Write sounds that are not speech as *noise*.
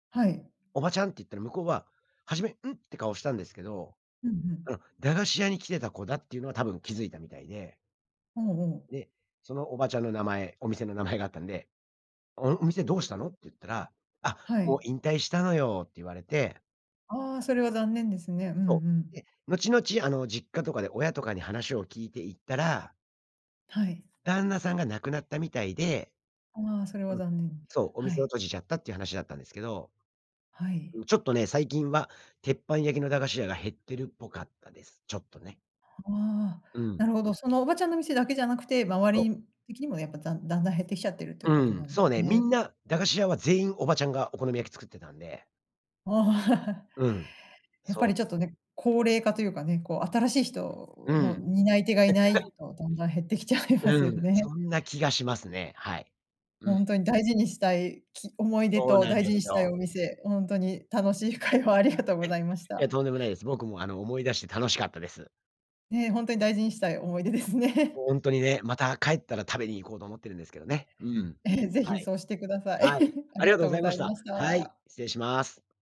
はい。「おばちゃん！」って言ったら、向こうは初め、「ん？」って顔したんですけど、ふんふん。うん、駄菓子屋に来てた子だっていうのは多分気づいたみたいで。ほうほう。で、そのおばちゃんの名前、お店の名前があったんで、「お、ん、お店どうしたの？」っつったら、「あ、はもうい。引退したのよ」って言われて。ああ、それは残念ですね。うんうそう。ん。で、後々、あの、実家とかで親とかに話を聞いていったらはい。旦那さんが亡くなったみたいでああ、それはうん、残念。そう、おは店をい。閉じちゃったっていう話だったんですけど。はい。う、ちょっとね、最近は鉄板焼きの駄菓子屋が減ってるっぽかったです。ちょっとね。はあ、うなん。るほど。そのおばちゃんの店だけじゃなくて、周そう。り的にもやっぱ、ざんだんだん減ってきちゃってるといううことん、なん、そうね。みね。んな駄菓子屋は全員おばちゃんがお好み焼き作ってたんでああ。*laughs* うん。やっぱそりちう。ょっとね、高齢化というかね、こう、新しいう人のん。担い手がいない *laughs* と、だんだん減ってきちゃいますうよん、ね。そんな気がしますね、はい。うほんん。とに大事にしたい、き思い出そうとなん大で事すにしたいよ。お店、ほんとに楽しい会話をありがとうございまし *laughs* いや、た。とんでもないです。僕も、あの、思い出して楽しかったです。ね、ほんとに大事にしたい思い出ですね。ほんとにね、また、帰ったら食べに行こうと思ってるんですけどね、うん。ええ、是は非い。そうしてください。はい、*laughs* あありりががとうとごうざごいまざしいた。ましはい、た。失礼します。